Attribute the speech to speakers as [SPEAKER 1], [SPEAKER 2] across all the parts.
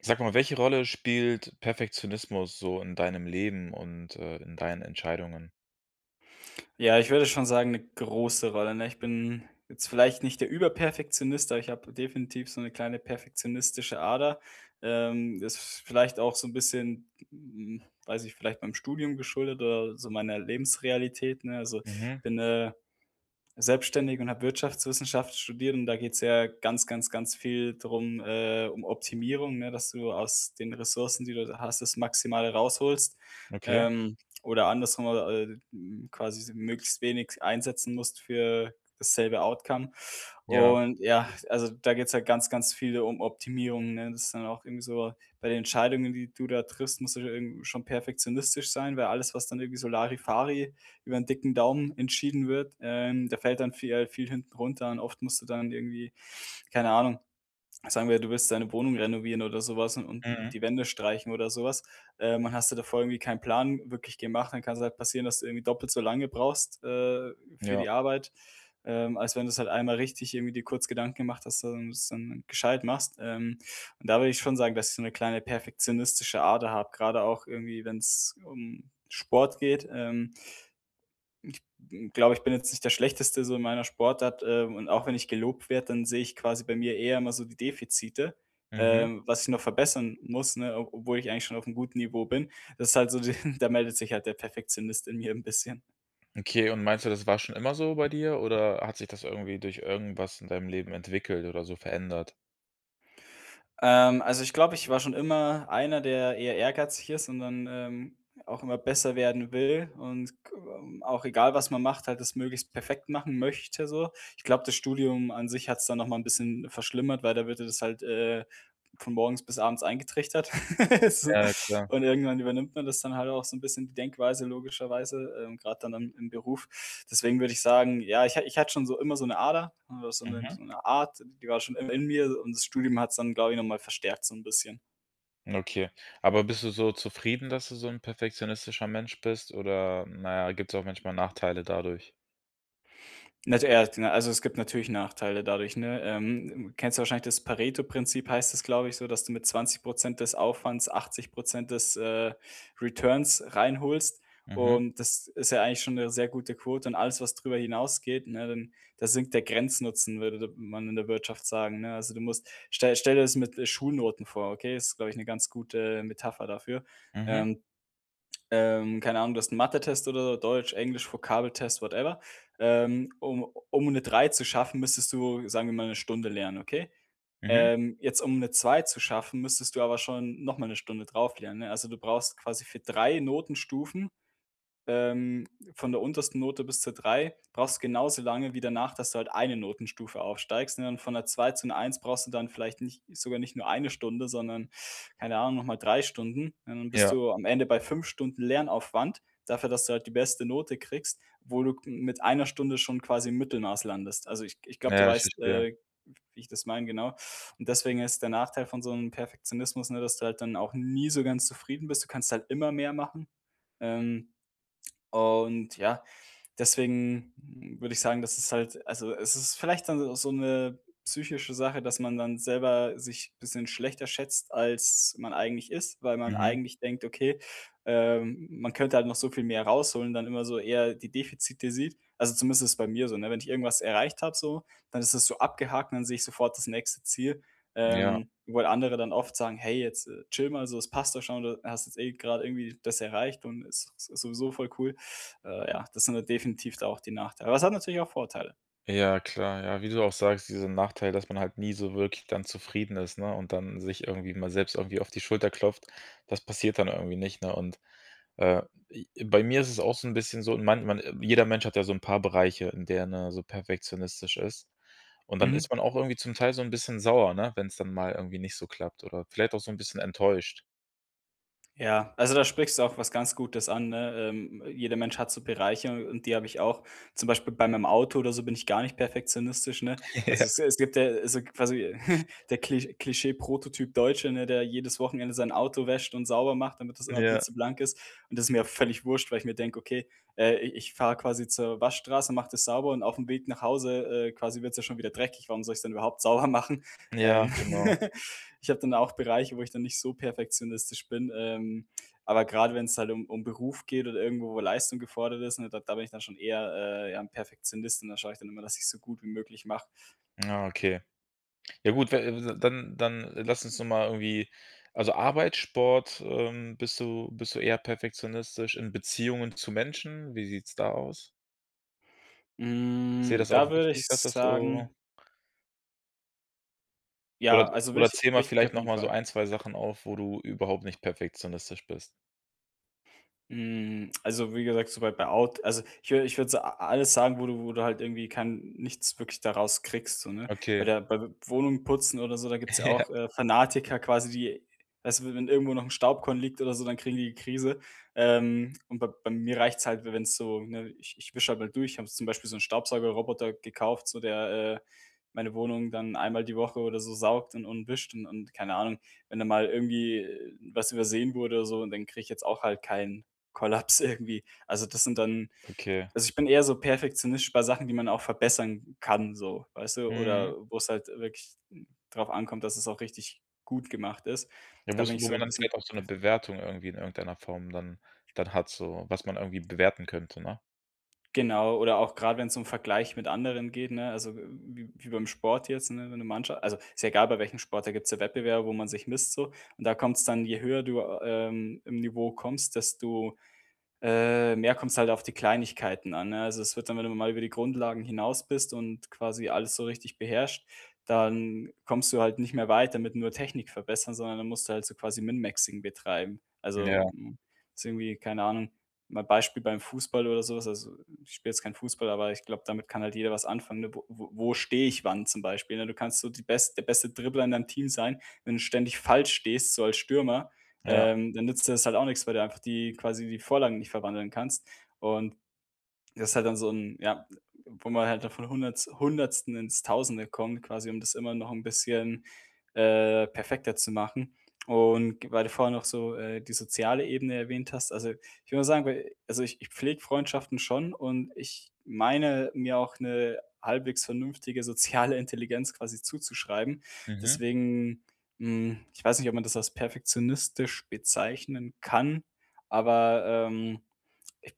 [SPEAKER 1] Sag mal, welche Rolle spielt Perfektionismus so in deinem Leben und, äh, in deinen Entscheidungen?
[SPEAKER 2] Ja, ich würde schon sagen, 'ne große Rolle, ne? Ich bin jetzt vielleicht nicht der Überperfektionist, aber ich habe definitiv so 'ne kleine perfektionistische Ader. Ähm, das vielleicht auch so 'n bisschen, hm ich weiß nicht, vielleicht beim Studium geschuldet oder so meiner Lebensrealität, ne? Also, ich
[SPEAKER 1] Mhm.
[SPEAKER 2] bin, äh, selbstständig und habe Wirtschaftswissenschaft studiert und da geht's ja ganz, ganz, ganz viel drum äh, um Optimierung, ne, dass du aus den Ressourcen, die du hast, das Maximale rausholst.
[SPEAKER 1] Okay.
[SPEAKER 2] Ähm, oder andersrum äh, äh, hm, quasi so möglichst wenig einsetzen musst für dasselbe Outcome.
[SPEAKER 1] Ja.
[SPEAKER 2] Und ja, also da geht's halt ganz, ganz viel um Optimierungen, ne? Das ist dann auch irgendwie so, bei den Entscheidungen, die du da triffst, musst du ja irgendwie schon perfektionistisch sein, weil alles, was dann irgendwie so Larifari über 'n dicken Daumen entschieden wird, ähm, da fällt dann vie äh, viel hinten runter an. Oft musst du dann irgendwie, keine Ahnung sagen wir, du willst deine Wohnung renovieren oder sowas und und
[SPEAKER 1] Mhm.
[SPEAKER 2] die Wände streichen oder sowas. Ähm und hast dir da vorher irgendwie keinen Plan wirklich gemacht, dann kann es halt passieren, dass du irgendwie doppelt so lange brauchst, äh, für
[SPEAKER 1] Ja.
[SPEAKER 2] die Arbeit, ähm, als wenn du's halt einmal richtig irgendwie dir kurz Gedanken gemacht, hast, und du es dann gescheit machst. Ähm, und da würde ich schon sagen, dass ich so 'ne kleine perfektionistische Ader habe, gerade auch irgendwie, wenn's um Sport geht. Ähm Ich glaube, ich bin jetzt nicht der Schlechteste so in meiner Sportart, äh, und auch wenn ich gelobt werde, dann sehe ich quasi bei mir eher immer so die Defizite,
[SPEAKER 1] Mhm.
[SPEAKER 2] ähm, was ich noch verbessern muss, ne, ob obwohl ich eigentlich schon aufm guten Niveau bin. Das ist halt so de da meldet sich halt der Perfektionist in mir 'n bisschen.
[SPEAKER 1] Okay und meinst du, das war schon immer so bei dir oder hat sich das irgendwie durch irgendwas in deinem Leben entwickelt oder so verändert?
[SPEAKER 2] Ähm, also ich glaube, ich war schon immer einer, der eher ehrgeizig ist und dann, ähm, auch immer besser werden will und g auch egal was man macht, halt das möglichst perfekt machen möchte so. Ich glaube, das Studium an sich hat's dann noch mal 'n bisschen verschlimmert, weil da wird dir das halt, äh, von morgens bis abends eingetrichtert so.
[SPEAKER 1] Ja, klar.
[SPEAKER 2] Und irgendwann übernimmt man das dann halt auch so 'n bisschen die Denkweise logischerweise, ähm, grade dann am im Beruf. Deswegen würde ich sagen, ja, ich ha ich hatte schon so immer so 'ne Ader, w so 'ne
[SPEAKER 1] Mhm.
[SPEAKER 2] so 'ne Art, d die war schon immer in mir und das Studium hat's dann, glaube ich, noch mal verstärkt so 'n bisschen.
[SPEAKER 1] Okay. Aber bist du so zufrieden, dass du so 'n perfektionistischer Mensch bist oder na ja, gibt's auch manchmal Nachteile dadurch?
[SPEAKER 2] Nat äh, ja, also, es gibt natürlich Nachteile dadurch, ne? Ähm, kennst du wahrscheinlich, das Paretoprinzip heißt das, glaube ich, so, dass du mit 20 % des Aufwands 80 % des, äh, Returns reinholst.
[SPEAKER 1] Mhm.
[SPEAKER 2] Und das ist ja eigentlich schon 'ne sehr gute Quote und alles, was drüber hinausgeht, ne, dann da sinkt der Grenznutzen, würde d man in der Wirtschaft sagen, ne? Also, du musst stell dir stell dir das mit, äh, Schulnoten vor, okay? Ist, glaube ich, 'ne ganz gute Metapher dafür.
[SPEAKER 1] Mhm.
[SPEAKER 2] Ähm. Ähm, keine Ahnung, du hast 'n Mathetest oder Deutsch, Englisch, Vokabeltest, whatever. Ähm, um um 'ne 3 zu schaffen, müsstest du, sagen wir mal, 'ne Stunde lernen, okay?
[SPEAKER 1] Mhm.
[SPEAKER 2] Ähm, jetzt, um 'ne 2 zu schaffen, müsstest du aber schon noch mal 'ne Stunde drauf lernen, ne? Also, du brauchst quasi für 3 Notenstufen, ähm, von der untersten Note bis zur 3, brauchst du genauso lange wie danach, dass du halt eine Notenstufe aufsteigst, ne? Und von 'ner 2 zu 'ner 1 brauchst du dann vielleicht nicht sogar nicht nur eine Stunde, sondern, keine Ahnung, noch mal 3 Stunden, und dann bist
[SPEAKER 1] Ja.
[SPEAKER 2] du am Ende bei 5 Stunden Lernaufwand dafür, dass du halt die beste Note kriegst, wo du mit einer Stunde schon quasi im Mittelmaß landest. Also, ich ich glaube, du
[SPEAKER 1] Ja, ich
[SPEAKER 2] weißt,
[SPEAKER 1] verstehe.
[SPEAKER 2] äh, wie ich das meine, genau. Und deswegen ist der Nachteil von so 'nem Perfektionismus, ne, dass du halt dann auch nie so ganz zufrieden bist. Du kannst halt immer mehr machen, ähm, und ja, deswegen würde ich sagen, das ist halt also, es ist vielleicht dann auch so 'ne psychische Sache, dass man dann selber sich bisschen schlechter schätzt, als man eigentlich ist, weil man
[SPEAKER 1] Mhm.
[SPEAKER 2] eigentlich denkt, okay, ähm, m m man könnte halt noch so viel mehr rausholen, dann immer so eher die Defizite sieht. Also, zumindest ist das bei mir so, ne? Wenn ich irgendwas erreicht habe so, dann ist das so abgehakt, dann sehe ich sofort das nächste Ziel,
[SPEAKER 1] Ja.
[SPEAKER 2] ähm, wo andere dann oft sagen: „Hey, jetzt chille mal, so das passt doch schon. Du hast jetzt eh grade irgendwie das erreicht und ist sowieso voll cool." Äh, ja, das sind da definitiv da auch die Nachteile. Aber es hat natürlich auch Vorteile.
[SPEAKER 1] Ja, klar. Ja, wie du auch sagst, diesen Nachteil, dass man halt nie so wirklich dann zufrieden ist, ne, und dann sich irgendwie mal selbst irgendwie auf die Schulter klopft, das passiert dann irgendwie nicht, ne? Und, äh, i bei mir ist es auch so 'n bisschen so, man man jeder Mensch hat ja so 'n paar Bereiche, in der er, ne, so perfektionistisch ist. Und dann
[SPEAKER 2] Mhm.
[SPEAKER 1] ist man auch irgendwie zum Teil so 'n bisschen sauer, ne, wenn's dann mal irgendwie nicht so klappt oder vielleicht auch so 'n bisschen enttäuscht.
[SPEAKER 2] Ja, also da sprichst du auch was ganz Gutes an, ne? Ähm, jeder Mensch hat so Bereiche und die habe ich auch. Zum Beispiel bei meinem Auto oder so bin ich gar nicht perfektionistisch, ne? Also,
[SPEAKER 1] Ja.
[SPEAKER 2] es es gibt ja, also quasi der Kli Klischee-Prototyp-Deutsche, ne, der jedes Wochenende sein Auto wäscht und sauber macht, damit das immer
[SPEAKER 1] Ja.
[SPEAKER 2] blitzeblank ist. Und das ist mir völlig wurscht, weil ich mir denke: „Okay, äh ich ich fahre quasi zur Waschstraße, mache das sauber und aufm Weg nach Hause, äh, quasi wird's ja schon wieder dreckig. Warum soll ich's denn überhaupt sauber machen?" Ähm,
[SPEAKER 1] Ja, genau.
[SPEAKER 2] ich habe dann auch Bereiche, wo ich dann nicht so perfektionistisch bin, ähm, aber gerade wenn's halt um um Beruf geht oder irgendwo, wo Leistung gefordert ist, ne, d da bin ich dann schon eher äh, ja, 'n Perfektionist und da schaue ich dann immer, dass ich's so gut wie möglich mache.
[SPEAKER 1] Na, okay. Ja gut, we dann dann lass uns doch mal irgendwie also Arbeit, Sport, ähm, bist du bist du eher perfektionistisch. In Beziehungen zu Menschen, wie sieht's da aus? Ist dir
[SPEAKER 2] Hm,
[SPEAKER 1] das auch
[SPEAKER 2] da würde ich
[SPEAKER 1] wichtig, dass das so
[SPEAKER 2] sagen
[SPEAKER 1] Oder
[SPEAKER 2] Ja, also,
[SPEAKER 1] oder
[SPEAKER 2] wich
[SPEAKER 1] zähle mal
[SPEAKER 2] wichtig
[SPEAKER 1] vielleicht
[SPEAKER 2] auf
[SPEAKER 1] noch
[SPEAKER 2] jeden
[SPEAKER 1] mal so
[SPEAKER 2] Fall.
[SPEAKER 1] 1, 2 Sachen auf, wo du überhaupt nicht perfektionistisch bist.
[SPEAKER 2] Hm. Also, wie gesagt, soweit bei Out also ich wür ich würde so a alles sagen, wo du wo du halt irgendwie kein nichts wirklich da raus kriegst, so, ne? Bei
[SPEAKER 1] Okay.
[SPEAKER 2] der bei Wohnungen putzen oder so, da gibt's ja
[SPEAKER 1] Ja.
[SPEAKER 2] auch, äh, Fanatiker quasi, die weißt du, wenn irgendwo noch 'n Staubkorn liegt oder so, dann kriegen die die Krise. Ähm, und b bei mir reicht's halt, w w-enn's so, ne, ich ich wische halt mal durch, habe jetzt zum Beispiel so 'n Staubsaugerroboter gekauft, so, der, äh, meine Wohnung dann einmal die Woche oder so saugt und und wischt und und keine Ahnung. Wenn da mal irgendwie was übersehen wurde oder so und dann kriege ich jetzt auch halt keinen Kollaps irgendwie. Also, das sind dann
[SPEAKER 1] Okay.
[SPEAKER 2] also ich bin eher so perfektionistisch bei Sachen, die man auch verbessern kann so, weißt du?
[SPEAKER 1] Mhm.
[SPEAKER 2] Oder wo's halt wirklich n drauf ankommt, dass es auch richtig gut gemacht ist,
[SPEAKER 1] Ja,
[SPEAKER 2] da
[SPEAKER 1] wo
[SPEAKER 2] bin
[SPEAKER 1] es
[SPEAKER 2] ich
[SPEAKER 1] wo
[SPEAKER 2] so
[SPEAKER 1] man
[SPEAKER 2] 'n
[SPEAKER 1] dann
[SPEAKER 2] bisschen
[SPEAKER 1] vielleicht auch so 'ne
[SPEAKER 2] perf
[SPEAKER 1] Bewertung irgendwie in irgendeiner Form dann dann hat so, was man irgendwie bewerten könnte, ne?
[SPEAKER 2] genau, oder auch grad, wenn 's um Vergleich mit anderen geht, ne, also w w wie beim Sport jetzt, ne? Wenn du Mannsch also, ist ja egal, bei welchem Sport, da gibt's ja Wettbewerbe, wo man sich misst so und da kommt's dann je höher du, ähm, im Niveau kommst, desto, äh, mehr kommt's halt auf die Kleinigkeiten an, ne Also, es wird dann, wenn du dann mal über die Grundlagen hinaus bist und quasi alles so richtig beherrscht, dann kommst du halt nicht mehr weiter mit nur Technik verbessern, sondern dann musst du halt so quasi Min-Maxing betreiben. Also,
[SPEAKER 1] Ja.
[SPEAKER 2] m ist irgendwie keine Ahnung, mal Beispiel beim Fußball oder so was also, ich spiele jetzt kein Fußball, aber ich glaube, damit kann halt jeder was anfangen, ne, wo wo wo stehe ich wann zum Beispiel, ne? Du kannst so die bes der beste Dribbler in deinem Team sein, wenn du ständig falsch stehst, so als Stürmer,
[SPEAKER 1] Ja.
[SPEAKER 2] ähm, dann nützt dir das halt auch nix, weil du einfach die quasi die Vorlagen nicht verwandeln kannst. Und das ist halt dann so 'n ja, wo man halt da von Hunderts 100. ins 1000. kommt, quasi, um das immer noch 'n bisschen, äh, perfekter zu machen. Und g weil du vorher noch so, äh, die soziale Ebene erwähnt hast, also, ich will mal sagen bei also, ich ich pflege Freundschaften schon und ich meine mir auch 'ne halbwegs vernünftige soziale Intelligenz quasi zuzuschreiben,
[SPEAKER 1] Mhm.
[SPEAKER 2] deswegen, hm, ich weiß nicht, ob man das als perfektionistisch bezeichnen kann, aber, ähm ich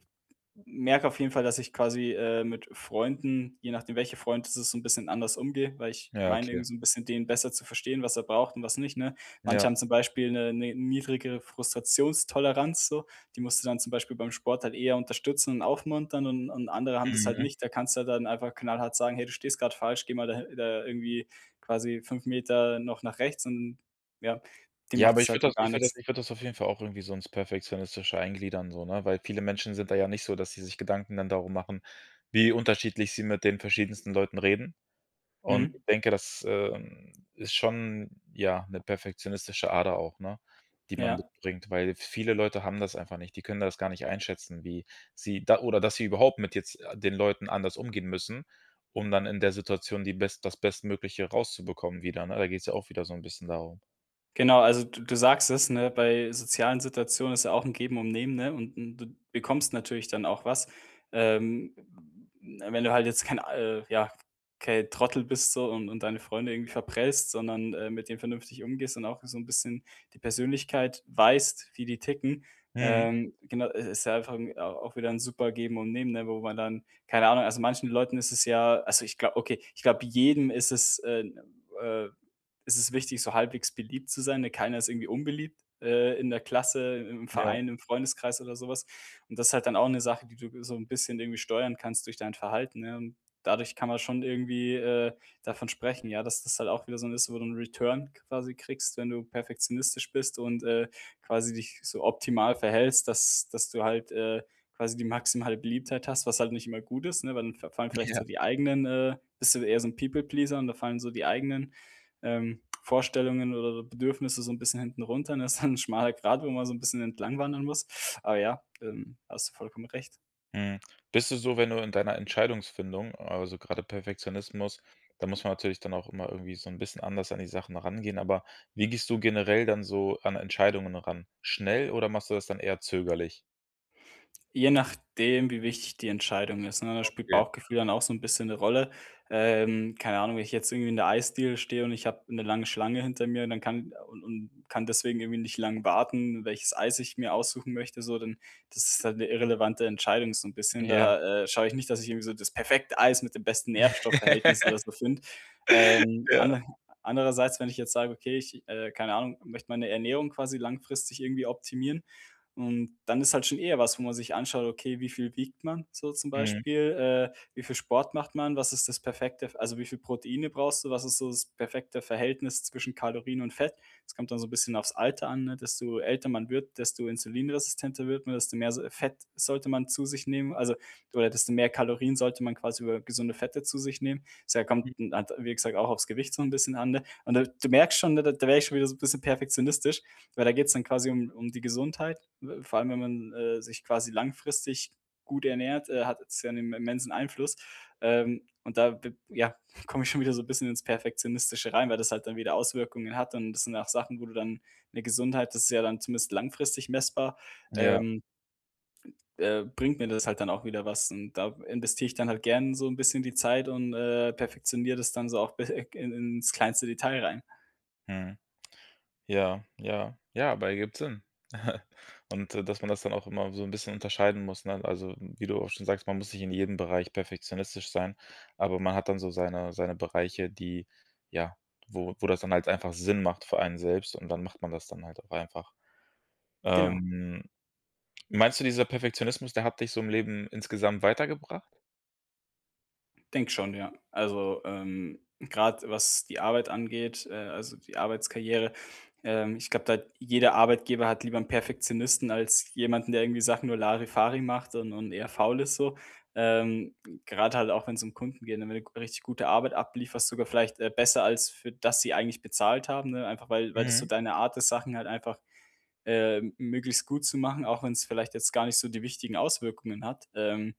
[SPEAKER 2] m merke auf jeden Fall, dass ich quasi, äh, mit Freunden, je nachdem welcher Freund es ist so 'n bisschen anders umgehe, weil ich ich
[SPEAKER 1] Ja,
[SPEAKER 2] meine
[SPEAKER 1] okay.
[SPEAKER 2] irgendwie so 'n bisschen den besser zu verstehen, was er braucht und was nicht, ne? Manche
[SPEAKER 1] Ja.
[SPEAKER 2] haben zum Beispiel 'ne 'ne niedrigere Frustrationstoleranz so. Die musst du dann zum Beispiel beim Sport halt eher unterstützen und aufmuntern und und andere haben das halt
[SPEAKER 1] Mhm.
[SPEAKER 2] nicht. Da kannst du dann einfach knallhart sagen: „Hey, du stehst gerade falsch, geh mal da hi da irgendwie quasi 5 Meter noch nach rechts." Und, ja, dem
[SPEAKER 1] Ja,
[SPEAKER 2] macht
[SPEAKER 1] aber
[SPEAKER 2] das
[SPEAKER 1] ich
[SPEAKER 2] halt
[SPEAKER 1] würde das
[SPEAKER 2] gar
[SPEAKER 1] ich würde das
[SPEAKER 2] nix.
[SPEAKER 1] ich würde das auf jeden Fall auch irgendwie so ins Perfektionistische eingliedern so, ne, weil viele Menschen sind da ja nicht so, dass sie sich Gedanken dann darum machen, wie unterschiedlich sie mit den verschiedensten Leuten reden. Und
[SPEAKER 2] Mhm.
[SPEAKER 1] ich denke, das ähm, ist schon, ja, 'ne perfektionistische Ader auch, ne, die man
[SPEAKER 2] Ja.
[SPEAKER 1] mitbringt, weil viele Leute haben das einfach nicht. Die können das gar nicht einschätzen, wie sie da oder, dass sie überhaupt mit jetzt a den Leuten anders umgehen müssen, um dann in der Situation die Best das Bestmögliche rauszubekommen wieder. Ne, da geht's ja auch wieder so 'n bisschen darum.
[SPEAKER 2] Genau, also d du sagst es, ne? Bei sozialen Situationen ist ja auch 'n Geben und Nehmen, ne, und und du bekommst natürlich dann auch was, ähm, w w wenn du halt jetzt kein äh, ja, kein Trottel bist so und und deine Freunde irgendwie verprellst, sondern, äh, mit denen vernünftig umgehst und auch so 'n bisschen die Persönlichkeit weißt, wie die ticken.
[SPEAKER 1] Mhm.
[SPEAKER 2] Ähm, genau, i ist ja einfach au auch wieder 'n super Geben und Nehmen, ne, wo man dann keine Ahnung, also manchen Leuten ist es ja also, ich glau okay, ich glaube jedem ist es äh, äh, ist es wichtig, so halbwegs beliebt zu sein, ne? Keiner ist irgendwie unbeliebt, äh, in der Klasse, i im
[SPEAKER 1] Ja.
[SPEAKER 2] Verein, im Freundeskreis oder so was. Und das halt dann auch 'ne Sache, die du g so 'n bisschen irgendwie steuern kannst durch dein Verhalten, ja? Und dadurch kann man schon irgendwie, äh, davon sprechen, ja, dass das halt auch wieder so 'n ist, wo du 'n Return quasi kriegst, wenn du perfektionistisch bist und, äh, quasi dich so optimal verhältst, dass dass du halt, äh, quasi die maximale Beliebtheit hast, was halt nicht immer gut ist, ne, weil dann fa fallen vielleicht
[SPEAKER 1] Ja.
[SPEAKER 2] so die eigenen, äh bist du eher so 'n People Pleaser und da fallen so die eigenen, ähm, Vorstellungen oder Bedürfnisse so 'n bisschen hinten runter, ne? Ist dann 'n schmaler Grat, wo man so 'n bisschen entlang wandern muss. Aber ja, ähm, hast du vollkommen recht.
[SPEAKER 1] Mhm, bist du so, wenn du in deiner Entscheidungsfindung also grade Perfektionismus, da muss man natürlich dann auch immer irgendwie so 'n bisschen anders an die Sachen rangehen, aber wie gehst du generell dann so an Entscheidungen ran? Schnell oder machst du das dann eher zögerlich?
[SPEAKER 2] Je nachdem, wie wichtig die Entscheidung ist, ne, da spielt
[SPEAKER 1] Okay.
[SPEAKER 2] Bauchgefühl dann auch so 'n bisschen 'ne Rolle. Ähm, keine Ahnung, wenn ich jetzt irgendwie in der Eisdiele stehe und ich habe 'ne lange Schlange hinter mir, dann kann u und kann deswegen irgendwie nicht lang warten, welches Eis ich mir aussuchen möchte so, d das ist halt 'ne irrelevante Entscheidung so 'n bisschen.
[SPEAKER 1] Ja.
[SPEAKER 2] Da, äh, schaue ich nicht, dass ich irgendwie so das perfekte Eis mit dem besten Nährstoffverhältnis oder so finde. Ähm,
[SPEAKER 1] Ja.
[SPEAKER 2] ande andererseits, wenn ich jetzt sage: „Okay, ich, äh, keine Ahnung, möchte meine Ernährung quasi langfristig irgendwie optimieren." Und dann ist halt schon eher was, wo man sich anschaut: Okay, wie viel wiegt man so zum
[SPEAKER 1] Mhm.
[SPEAKER 2] Beispiel? Äh, wie viel Sport macht man? Was ist das perfekte, f also wie viel Proteine brauchst du? Was ist so das perfekte Verhältnis zwischen Kalorien und Fett? Das kommt da so 'n bisschen aufs Alter an, ne? Desto älter man wird, desto insulinresistenter wird man, desto mehr so Fett sollte man zu sich nehmen, also oder desto mehr Kalorien sollte man quasi über gesunde Fette zu sich nehmen. Deshalb kommt
[SPEAKER 1] Mhm.
[SPEAKER 2] [unintelligible] wie gesagt, auch aufs Gewicht so 'n bisschen an, ne? Und da du merkst schon, ne, da werde ich schon wieder so bisschen perfektionistisch, weil da geht's dann quasi um um die Gesundheit. We vor allem, wenn man, äh, sich quasi langfristig gut ernährt, äh, hat es ja 'nen immensen Einfluss, ähm, und da, w ja, komme ich schon wieder so 'n bisschen ins Perfektionistische rein, weil das halt dann wieder Auswirkungen hat und das sind auch Sachen, wo du dann 'ne Gesundheit, das ist ja dann zumindest langfristig messbar,
[SPEAKER 1] Ja.
[SPEAKER 2] ähm äh, bringt mir das halt dann auch wieder was und da investiere ich dann halt gern so 'n bisschen die Zeit und, äh, perfektioniere das dann so auf be eg in ins kleinste Detail rein.
[SPEAKER 1] Mhm. Ja, ja, ja, aber ergibt Sinn. Und da dass man das dann auch immer so 'n bisschen unterscheiden muss, ne? Also, wie du auch schon sagst: „Man muss nicht in jedem Bereich perfektionistisch sein.“, aber man hat dann so seine seine Bereiche, die, ja, wo wo das dann halt einfach Sinn macht für einen selbst und dann macht man das dann halt auch einfach.
[SPEAKER 2] Genau.
[SPEAKER 1] Ähm, meinst du, dieser Perfektionismus, der hat dich so im Leben insgesamt weitergebracht?
[SPEAKER 2] Denke schon, ja. Also, ähm, grade was die Arbeit angeht, äh, also die Arbeitskarriere, ähm, ich glaube, da hat jeder Arbeitgeber hat lieber 'n Perfektionisten als jemanden, der irgendwie Sachen nur larifari macht und und eher faul ist so. Ähm, grade halt auch, wenn's um Kunden geht, ne, wenn du 'ne richtig gute Arbeit ablieferst, sogar vielleicht, äh, besser als für das sie eigentlich bezahlt haben, ne? Einfach weil weil das so
[SPEAKER 1] Mhm.
[SPEAKER 2] deine Art ist, Sachen halt einfach, äh, möglichst gut zu machen, auch wenn's vielleicht jetzt gar nicht so die wichtigen Auswirkungen hat. Ähm,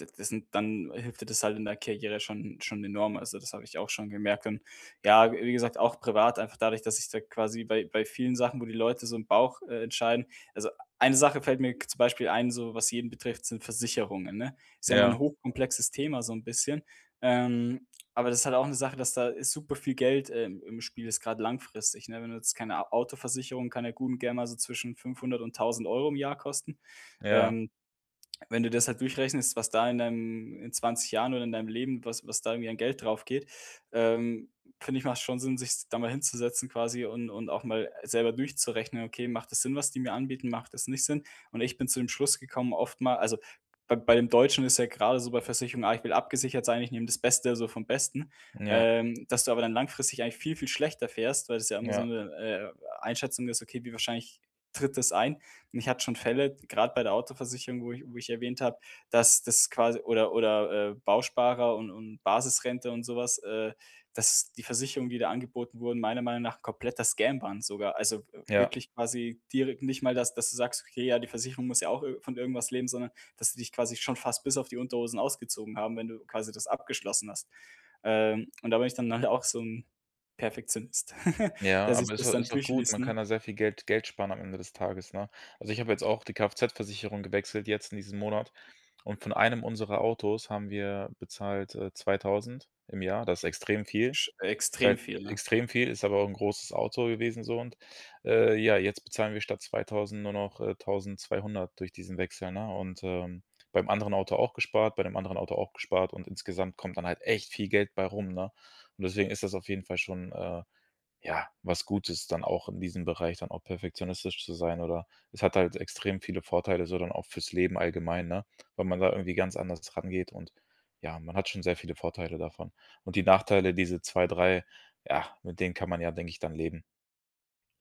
[SPEAKER 2] d das sind dann hilft dir das halt in der Karriere schon schon enorm. Also das habe ich auch schon gemerkt und ja, w wie gesagt, auch privat einfach dadurch, dass sich da quasi bei bei vielen Sachen, wo die Leute so im Bauch, äh, entscheiden also eine Sache fällt mir g zum Beispiel ein, so was jeden betrifft, sind Versicherungen, ne? Ist ja mal 'n
[SPEAKER 1] Ja.
[SPEAKER 2] hochkomplexes Thema so 'n bisschen, ähm, aber das halt auch 'ne Sache, dass da ist super viel Geld, äh, im im Spiel, jetzt grade langfristig, ne? Wenn du jetzt keine A Autoversicherung, kann ja gut und gern mal so zwischen 500 und 1.000 € im Jahr kosten.
[SPEAKER 1] Ja.
[SPEAKER 2] Ähm, wenn du das halt durchrechnest, was da in deinem in 20 Jahren oder in deinem Leben, was was da irgendwie an Geld draufgeht, ähm, finde ich, macht's schon Sinn, sich's da mal hinzusetzen quasi und und auch mal selber durchzurechnen: „Okay, macht das Sinn, was die mir anbieten, macht das nicht Sinn“. Und ich bin zu dem Schluss gekommen, oftmal also bei bei dem Deutschen ist ja gerade so bei Versicherung: „Ah, ich will abgesichert sein, ich nehme das Beste, also vom Besten.“,
[SPEAKER 1] Ja.
[SPEAKER 2] ähm, dass du aber dann langfristig eigentlich viel, viel schlechter fährst, weil das ja immer so
[SPEAKER 1] Ja.
[SPEAKER 2] 'ne, äh, Einschätzung ist: „Okay, wie wahrscheinlich tritt das ein?“ Und ich hatte schon Fälle, grade bei der Autoversicherung, wo ich wo ich erwähnt habe, dass das quasi oder oder, äh, Bausparer un und Basisrente und so was, äh, dass die Versicherungen die da angeboten wurden, meiner Meinung nach kompletter Scam waren sogar. Also w
[SPEAKER 1] Ja.
[SPEAKER 2] wirklich quasi direkt nicht mal, dass dass du sagst: „Okay, ja, die Versicherung muss ja auch ir von irgendwas leben.“, sondern, dass sie dich quasi schon fast bis auf die Unterhose ausgezogen haben, wenn du quasi das abgeschlossen hast. Ähm, und da bin ich dann nachher auch so 'n Perfektionist,
[SPEAKER 1] Ja,
[SPEAKER 2] der sich
[SPEAKER 1] aber ist
[SPEAKER 2] das
[SPEAKER 1] au
[SPEAKER 2] dann
[SPEAKER 1] ist auch gut.
[SPEAKER 2] durchliest,
[SPEAKER 1] Man
[SPEAKER 2] ne?
[SPEAKER 1] kann da sehr viel Geld Geld sparen am Ende des Tages, ne? Also ich habe jetzt auch die KFZ-Versicherung gewechselt jetzt in diesem Monat und von einem unserer Autos haben wir bezahlt, äh, 2.000 im Jahr, das extrem viel.
[SPEAKER 2] Sch
[SPEAKER 1] Ist
[SPEAKER 2] extrem
[SPEAKER 1] halt
[SPEAKER 2] viel, ne?
[SPEAKER 1] extrem viel, ist aber auch 'n großes Auto gewesen so, und, äh, ja, jetzt bezahlen wir statt 2.000 nur noch, äh, 1.200 durch diesen Wechsel, ne? Und, ähm, beim anderen Auto auch gespart, bei dem anderen Auto auch gespart und insgesamt kommt dann halt echt viel Geld bei rum, ne? Und deswegen ist das auf jeden Fall schon, äh, ja, was Gutes dann auch in diesem Bereich, dann auch perfektionistisch zu sein oder es hat halt extrem viele Vorteile, so dann auch für's Leben allgemein, ne, weil man da irgendwie ganz anders rangeht und ja, man hat schon sehr viele Vorteile davon. Und die Nachteile, diese 2, 3, ja, mit denen kann man ja, denke ich, dann leben.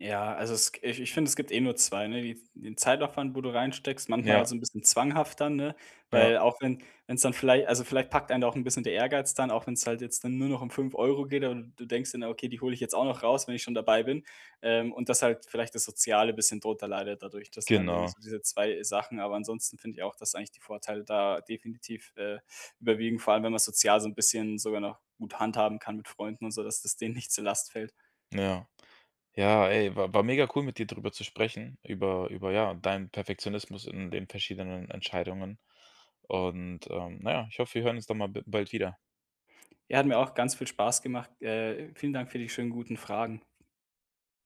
[SPEAKER 2] Ja, also es g ich ich finde, es gibt nur 2, ne, die den Zeitaufwand, wo du reinsteckst, manchmal
[SPEAKER 1] Ja.
[SPEAKER 2] so 'n bisschen zwanghaft dann, ne,
[SPEAKER 1] Ja.
[SPEAKER 2] weil auch wenn wenn's dann vielleicht also vielleicht packt einen auch 'n bisschen der Ehrgeiz dann, auch wenn's halt jetzt dann nur noch um 5 € geht oder d du denkst dann: „Ah, okay, die hole ich jetzt auch noch raus, wenn ich schon dabei bin.“ Ähm, und dass halt vielleicht das Soziale bisschen drunter leidet dadurch. Das sind halt irgendwie
[SPEAKER 1] Genau.
[SPEAKER 2] so diese 2 Sachen, aber ansonsten finde ich auch, dass eigentlich die Vorteile da definitiv, äh, überwiegen, vor allem, wenn man sozial so 'n bisschen sogar noch gut handhaben kann mit Freunden und so, dass das denen nicht zur Last fällt.
[SPEAKER 1] Ja. Ja, ey, wa war mega cool, mit dir drüber zu sprechen, über über, ja, deinen Perfektionismus in den verschiedenen Entscheidungen. Und, ähm, na ja, ich hoffe, wir hören uns da mal b bald wieder.
[SPEAKER 2] Ja, hat mir auch ganz viel Spaß gemacht. Äh, vielen Dank für die schönen guten Fragen.